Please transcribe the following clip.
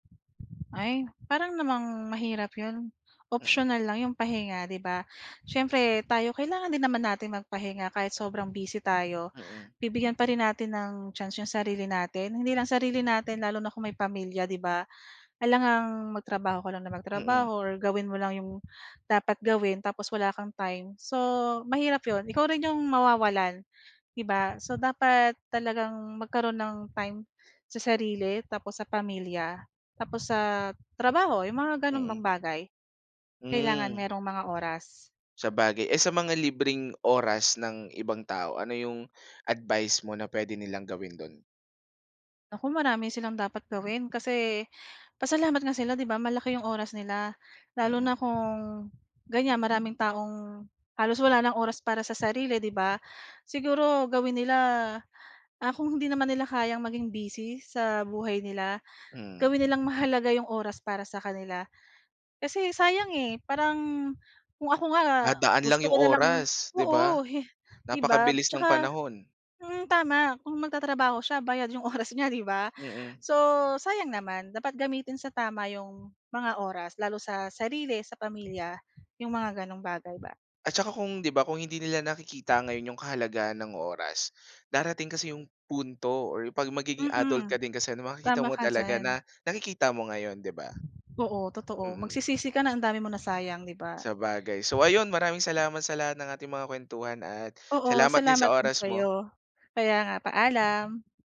Ay, parang namang, mahirap 'yon, Mm. optional lang 'yong pahinga, 'di ba. Siyempre tayo, kailangan din naman natin magpahinga kahit sobrang busy tayo. Mm. Bibigyan pa rin natin ng chance 'yong sarili natin, hindi lang sarili natin lalo na kung may pamilya, 'di ba. Alangang, magtrabaho ka lang na Mm. magtrabaho or gawin mo lang 'yong dapat gawin tapos wala kang time. So, mahirap 'yon, ikaw rin 'yong mawawalan, 'di ba. So, dapat talagang magkaroon ng time, sa sarili tapos sa pamilya, tapos sa trabaho, 'yong mga gano'ng bang Mm. bagay, kailangan Hmm. merong mga oras. Sabagay. Eh, sa mga libreng oras ng ibang tao, ano 'yong advice mo na puwede nilang gawin do'n? Naku, marami silang dapat gawin. Kasi, pasalamat nga sila, 'di ba, malaki 'yong oras nila, lalo Mm. na kung, ganiyan, maraming taong, halos wala ng oras para sa sarili, 'di ba. Siguro gawin nila, ah, kung hindi naman nila kayang maging busy sa buhay nila, Mm. gawin nilang mahalaga 'yong oras para sa kanila. Kasi sayang, eh, parang kung ako nga, Dadaan lang gusto 'yong ko na lang oras, 'di ba. oo, hi 'di ba, Napakabilis ng 'tsaka, panahon. mm, tama, kung magtatrabaho siya bayad 'yong oras niya, 'di ba. Mm. So, sayang naman, dapat gamitin sa tama 'yong mga oras lalo sa sarili, sa pamilya, 'yong mga gano'ng bagay ba. At saka kung, 'di ba, kung hindi nila nakikita ngayon 'yong kahalagahan ng oras, darating kasi 'yong punto or 'pag magiging adult ka Mm. din kasi, makikita Tama mo ka talaga diyan. na, nakikita mo ngayon, 'di ba? Oo, totoo. Mm. Magsisisi ka na ang dami mong nasayang, 'di ba. Sabagay. So ayun, maraming salamat sa lahat ng ating mga kuwentuhan at Oo, salamat din sa salamat din oras mo. sa'yo. Kaya nga, paalam.